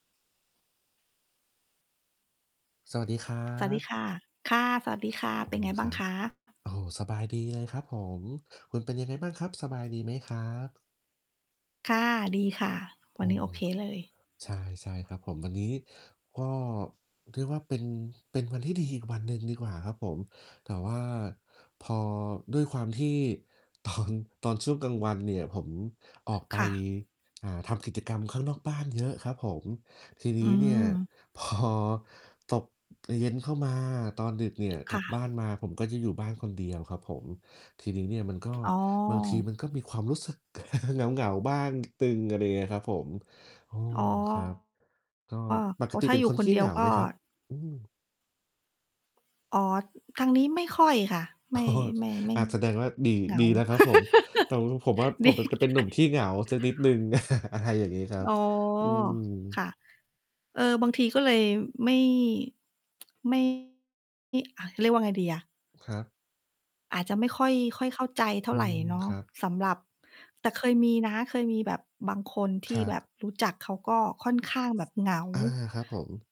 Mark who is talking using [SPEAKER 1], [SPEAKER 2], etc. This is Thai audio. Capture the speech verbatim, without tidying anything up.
[SPEAKER 1] สวัสดีครั
[SPEAKER 2] สวัสดี
[SPEAKER 1] บ
[SPEAKER 2] ค่ะ ค่ะ สวัสดีค่ะ
[SPEAKER 1] โอ
[SPEAKER 2] เป
[SPEAKER 1] ้
[SPEAKER 2] ็
[SPEAKER 1] โ
[SPEAKER 2] น
[SPEAKER 1] ฮ
[SPEAKER 2] ไงบ้
[SPEAKER 1] ค
[SPEAKER 2] า
[SPEAKER 1] ร
[SPEAKER 2] ง
[SPEAKER 1] ั
[SPEAKER 2] ค
[SPEAKER 1] บ
[SPEAKER 2] ะ?
[SPEAKER 1] โอ้โฮ สบายดี เลย ครับผม คุณเป็นยังไงบ้างครับ? สบายดีไหม ครับ?
[SPEAKER 2] ค่ะ ดีค่ะ
[SPEAKER 1] โ
[SPEAKER 2] ว
[SPEAKER 1] อ
[SPEAKER 2] ั
[SPEAKER 1] ้
[SPEAKER 2] นนี้โอเคเลย
[SPEAKER 1] ใช่ ใช่ครับผม วันนี้ ก็เรียกว่า เป็น เป็นวันที่ดีอีกวันหนึ่งดีกว่าครับผม แต่ว่าพอ ด้วยความที่ ตอน ตอนช่วงกลางวันเนี่ย ผมออกไป
[SPEAKER 2] ค่ะ
[SPEAKER 1] อ่า ทำกิจกรรมข้างนอกบ้านเยอะครับผม ทีน
[SPEAKER 2] อื
[SPEAKER 1] ี้เนี่ย
[SPEAKER 2] ม
[SPEAKER 1] พอ ตก เอ่อ เย็นเข้ามา ตอนดึกเนี่ย ก
[SPEAKER 2] ค
[SPEAKER 1] ล
[SPEAKER 2] ่
[SPEAKER 1] ับ
[SPEAKER 2] ะ
[SPEAKER 1] บ้านมา ผมก็จะอยู่บ้านคนเดียวครับผม ทีนี้เนี่ย มันก็
[SPEAKER 2] อ๋
[SPEAKER 1] บางทีม
[SPEAKER 2] อ
[SPEAKER 1] ันก็มีความรู้สึก เหงา ๆ บ้างนิดหนึ่ง อะไรเงี้ยครับผม โอ้
[SPEAKER 2] อ๋อ
[SPEAKER 1] ครับ ก็ ป
[SPEAKER 2] โอ
[SPEAKER 1] ก
[SPEAKER 2] ้
[SPEAKER 1] ติ
[SPEAKER 2] ถ้
[SPEAKER 1] เ
[SPEAKER 2] า
[SPEAKER 1] ป็
[SPEAKER 2] อ
[SPEAKER 1] น
[SPEAKER 2] ยู่
[SPEAKER 1] คน
[SPEAKER 2] ค
[SPEAKER 1] ข
[SPEAKER 2] น
[SPEAKER 1] ี
[SPEAKER 2] เ
[SPEAKER 1] ้
[SPEAKER 2] ดี
[SPEAKER 1] เ
[SPEAKER 2] ย
[SPEAKER 1] หง
[SPEAKER 2] ว
[SPEAKER 1] า
[SPEAKER 2] ก็
[SPEAKER 1] ไหมครับ? อืม
[SPEAKER 2] อ๋อ ทางนี้ไม่ค่อยค่ะ ไม่ ไม่ ไม่
[SPEAKER 1] อา แสดงว่า ดี
[SPEAKER 2] เหงา
[SPEAKER 1] ดีแล้วครับผม แต่ว ผมว่า ผ
[SPEAKER 2] ดี
[SPEAKER 1] ม ป ป เ
[SPEAKER 2] ย
[SPEAKER 1] ป
[SPEAKER 2] ั
[SPEAKER 1] ็น
[SPEAKER 2] งไ
[SPEAKER 1] หนุ่ม
[SPEAKER 2] ง
[SPEAKER 1] ขี้เหงาสักนิดหนึ่ง อะไรอย่างงี้ครับ
[SPEAKER 2] อ๋อ
[SPEAKER 1] อืม
[SPEAKER 2] ค่ะ เออ บางทีก็เลย ไม่ ไม่ อ่า เรียกว่าไงดีอะ?
[SPEAKER 1] ครับ
[SPEAKER 2] อาจจะไม่ค่อย ค่อยเข้าใจเท่
[SPEAKER 1] อื
[SPEAKER 2] าไร
[SPEAKER 1] ม
[SPEAKER 2] เนา
[SPEAKER 1] ค
[SPEAKER 2] ะ
[SPEAKER 1] รับ
[SPEAKER 2] สำหรับ แต่เคยมีนะ เคยมีแบบบางคนท
[SPEAKER 1] ค
[SPEAKER 2] ี่
[SPEAKER 1] รั
[SPEAKER 2] แ
[SPEAKER 1] บ
[SPEAKER 2] บบรู้จัก เขาก็ค่อนข้างแบบเหงา
[SPEAKER 1] อา ครับผม